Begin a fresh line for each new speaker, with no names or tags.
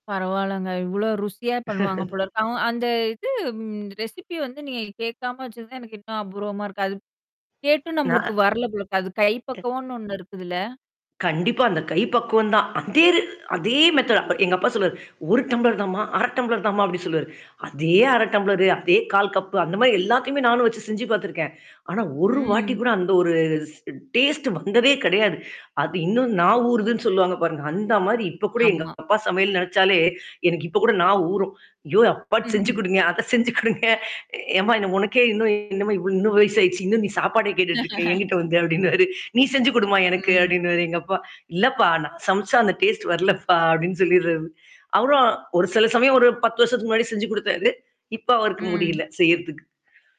பரவால்லங்க. இவ்ளோ ருசியா பண்ணுவாங்க போலருக்கு. அவ அந்த இது ரெசிபி வந்து நீங்க கேட்காம வச்சது தான் எனக்கு இன்னும் அபூர்வமா இருக்கு. அது. கேட்டும் நம்மளுக்கு
நான்
வரல போலருக்கு. அது கை
அ.
பக்கவனு ஒண்ணு இருக்குதுல்ல?
கண்டிப்பா அந்த கை பக்குவம் தான். அதேரு அதே மெத்தோட் எங்க அப்பா சொல்லுவாரு. 1 டம்ளர் தாமா, 1/2 டம்ப்ளர் தாமா அப்டின்னு சொல்லுவாரு. அதே 1/2 டம்ளரு அதே 1/4 கப்பு அந்த மதாரி எல்லாத்தையுமே நானும் வச்சு செஞ்சு பார்த்துருக்கேன். ஆனா ஒரு வாட்டி
ம்.
கூட அந்த ஒரு ஸ் டேஸ்ட் வந்ததே கிடையாது. அது இன்னும் நான் ஊறுதுன்னு சொல்லுவாங்க பாருங்க. அந்த மாரி இப்ப கூட எங்க
ஆமா.
அப்பா சமையல் நெனச்சாலே எனக்கு இப்ப கூட நா ஊறும். ஐயோ! அப்பாட்டு செஞ்சு குடுங்க அத செஞ்சு கொடுங்க. ஏம்மா என்ன உனக்கே இன்னும் என்னமா இவ்ள இன்னும் வயச ஆயிடுச்சு. இன்னும் நீ சாப்பாட கேட்டுட்டு இருக்கே. என்கிட்ட வந்த அப்டின்வாரு. நீ செஞ்சு குடுமா எனக்கு"
ம்.
அப்டின்னுவாரு எங்க அப்பா. இல்லப்பா நான் சமைச்சா அந்த டேஸ்ட் வரலப்பா" அப்டின்னு சொல்லிடுறது. அப்புறம் ஒரு சில சமயம் ஒரு 10 வருஷத்துக்கு முன்னாடி செஞ்சு குடுத்தாரு. இப்ப அவருக்கு
ம்.
முடியல செய்றதுக்கு.